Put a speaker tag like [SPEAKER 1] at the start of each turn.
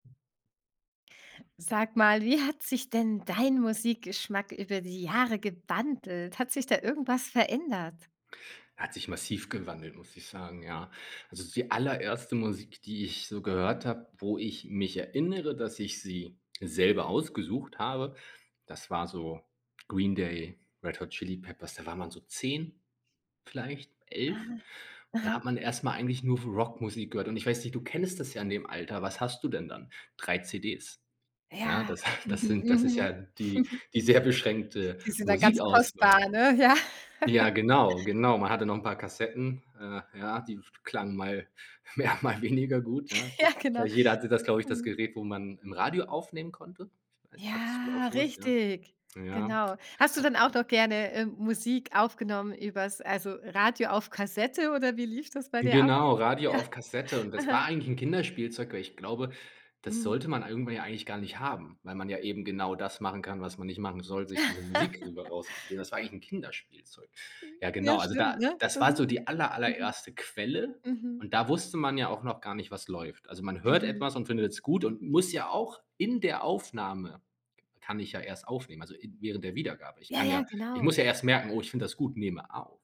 [SPEAKER 1] Sag mal, wie hat sich denn dein Musikgeschmack über die Jahre gewandelt? Hat sich da irgendwas verändert?
[SPEAKER 2] Hat sich massiv gewandelt, muss ich sagen, ja. Also, die allererste Musik, die ich so gehört habe, wo ich mich erinnere, dass ich sie selber ausgesucht habe, das war so Green Day, Red Hot Chili Peppers, da war man so 10 vielleicht, 11.
[SPEAKER 1] Ah.
[SPEAKER 2] Und da
[SPEAKER 1] Aha.
[SPEAKER 2] hat man erst mal eigentlich nur w Rockmusik gehört. Und ich weiß nicht, du kennst das ja in dem Alter. Was hast du denn dann? 3 CDs. Ja,
[SPEAKER 1] Ja.
[SPEAKER 2] das, das sind das ist
[SPEAKER 1] Mhm.
[SPEAKER 2] ja
[SPEAKER 1] Mhm.
[SPEAKER 2] die die sehr beschränkte
[SPEAKER 1] Die sind dann ganz
[SPEAKER 2] Musikauswahl.
[SPEAKER 1] kostbar, ne, ja?
[SPEAKER 2] Ja, genau, genau. Man hatte noch 'n paar Kassetten, äh, ja, die f klangen mal mehr, mal weniger gut, ja.
[SPEAKER 1] Ja,
[SPEAKER 2] Ich weiß
[SPEAKER 1] genau.
[SPEAKER 2] nicht, jeder hatte das, glaube ich, das
[SPEAKER 1] Mhm.
[SPEAKER 2] Gerät, wo man 'n Radio aufnehmen konnte. Ich weiß, hattest du auch
[SPEAKER 1] Ja,
[SPEAKER 2] so was, ja.
[SPEAKER 1] richtig,
[SPEAKER 2] Ja.
[SPEAKER 1] genau. Hast du
[SPEAKER 2] Hat
[SPEAKER 1] denn auch noch gerne, ähm, Musik aufgenommen übers also, Radio auf Kassette, oder wie lief das bei dir ab?
[SPEAKER 2] Genau, Radio
[SPEAKER 1] Ja.
[SPEAKER 2] auf Kassette, und das
[SPEAKER 1] Ah.
[SPEAKER 2] war eigentlich 'n Kinderspielzeug, weil ich glaube, das
[SPEAKER 1] Mhm.
[SPEAKER 2] sollte man irgendwie ja eigentlich gar nicht haben, weil man ja eben genau das machen kann, was man nicht machen soll, sich diese Musik rüber rauskopieren. Das war eigentlich 'n Kinderspielzeug. Ja,
[SPEAKER 1] Ja,
[SPEAKER 2] genau, also da
[SPEAKER 1] stimmt, ne,
[SPEAKER 2] das war
[SPEAKER 1] mhm.
[SPEAKER 2] so die aller
[SPEAKER 1] Mhm.
[SPEAKER 2] allererste Quelle,
[SPEAKER 1] Mhm.
[SPEAKER 2] und da wusste man ja auch noch gar nicht, was läuft. Also, man hört
[SPEAKER 1] Mhm.
[SPEAKER 2] etwas und findet's gut und muss ja auch in der Aufnahme kann ich ja erst aufnehmen, also in während der Wiedergabe. Ich
[SPEAKER 1] Ja,
[SPEAKER 2] kann ja
[SPEAKER 1] ja,
[SPEAKER 2] ich
[SPEAKER 1] genau.
[SPEAKER 2] muss ja erst merken: „Oh, ich finde das gut, nehme auf.“